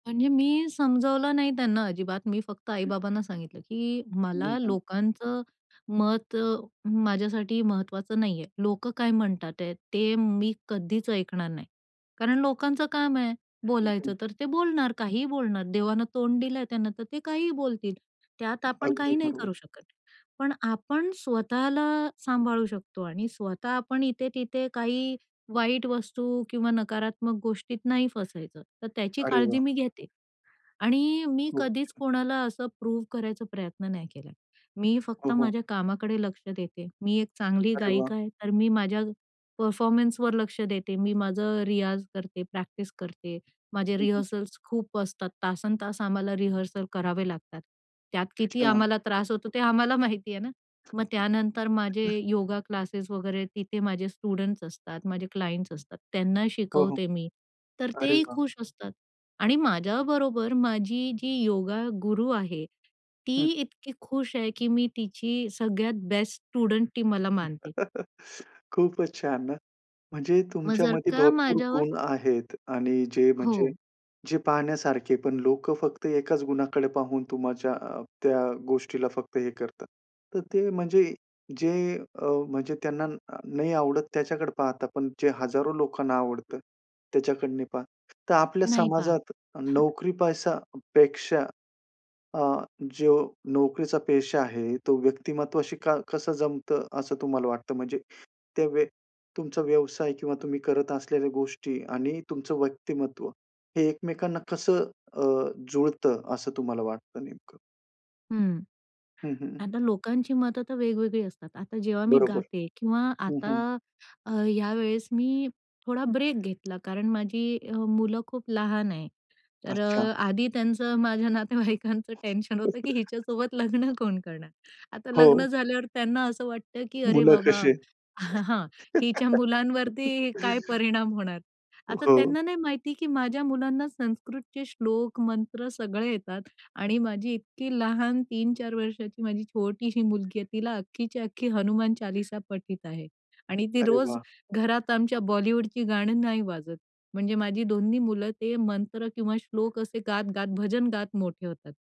आणि मी समजावलं नाही त्यांना अजिबात. मी फक्त आई बाबांना सांगितलं की मी मला पण. लोकांचं मत अ, माझ्यासाठी महत्वाचं नाही आहे. लोकं काय म्हणतात आहेत ते मी कधीच ऐकणार नाही कारण लोकांचं काम आहे हं, हं. बोलायचं तर ते बोलणार, काहीही बोलणार देवानं तोंड दिलंय त्यांना तर ते काहीही बोलतील. त्यात आपण अगदी काही नाही बरोबर. करू शकत. पण आपण स्वतःला सांभाळू शकतो आणि स्वतः आपण इथे तिथे काही वाईट वस्तू किंवा नकारात्मक गोष्टीत नाही फसायचं तर त्याची अरे काळजी वाह! मी घेते. आणि मी खूप कधीच छान. कोणाला असं प्रूव्ह करायचा प्रयत्न नाही केला. मी हो, फक्त हो. माझ्या कामाकडे लक्ष देते. मी एक चांगली अरे वाह! गायिका आहे तर मी माझ्या परफॉर्मन्सवर लक्ष देते, मी माझं रियाज करते, प्रॅक्टिस करते, माझे हं, हं. रिहर्सल्स खूप असतात. तासंतास आम्हाला रिहर्सल करावे लागतात. त्यात किती अच्छा. आम्हाला त्रास होतो ते आम्हाला माहिती आहे ना. मग त्यानंतर माझे [unintelligible] योगा क्लासेस वगैरे तिथे माझे स्टुडंट्स असतात, माझे क्लायंट्स असतात त्यांना हो, हो. शिकवते मी. तर अरे तेही वाह! खुश असतात. आणि माझ्याबरोबर माझी जी योगा गुरु आहे ती हं, हं. इतकी खुश आहे की मी तिची सगळ्यात बेस्ट स्टुडंट मला मानते. खूपच छान ना, म्हणजे मग जर तुमच्यामध्ये का भरपूर माझ्यावर गुण आहेत आणि जे म्हणजे हो. जे पाहण्यासारखे पण लोकं फक्त एकाच गुणाकडे पाहून तुमच्या अ, त्या गोष्टीला फक्त हे करतात. तर ते म्हणजे जे अ, म्हणजे त्यांना अ, नाही आवडत त्याच्याकडे पाहतात पण जे हजारो लोकांना आवडतं त्याच्याकडं नाही पाहत. तर आपल्या नाही पहात. समाजात नोकरी पैसापेक्षा अ, जो नोकरीचा पेशा आहे तो व्यक्तिमत्वाशी का कसं जमतं असं तुम्हाला वाटतं? म्हणजे ते व्य तुमचा व्यवसाय किंवा तुम्ही करत असलेल्या गोष्टी आणि तुमचं व्यक्तिमत्व हे एकमेकांना कसं अ, जुळतं असं तुम्हाला वाटतं नेमकं? हं. हं, हं. आता लोकांची मतं तर वेगवेगळी असतात. आता जेव्हा मी बरोबर. गाते किंवा हं, आता हं. अ, यावेळेस मी थोडा ब्रेक घेतला कारण माझी अ, मुलं खूप लहान आहेत. तर अच्छा. अ, आधी त्यांचं माझ्या नातेवाईकांचं टेन्शन होतं की [unintelligible] हिच्यासोबत लग्न कोण करणार? आता हो. लग्न झाल्यावर त्यांना असं वाटतं की अरे मुलं बाबा कशी आहेत? हिच्या मुलांवरती काय परिणाम होणार? आता हो. त्यांना नाही माहिती की माझ्या मुलांना संस्कृतचे श्लोक मंत्र सगळे येतात आणि माझी इतकी लहान 3-4 वर्षाची माझी छोटीशी मुलगी आहे तिला अख्खीच्या अख्खी हनुमान चालीसा पठित आहे आणि ती अरे रोज वाह! घरात आमच्या बॉलिवूडची गाणं नाही वाजत. म्हणजे माझी 2ही मुलं ते मंत्र किंवा श्लोक असे गात-गात भजन गात मोठे होतात.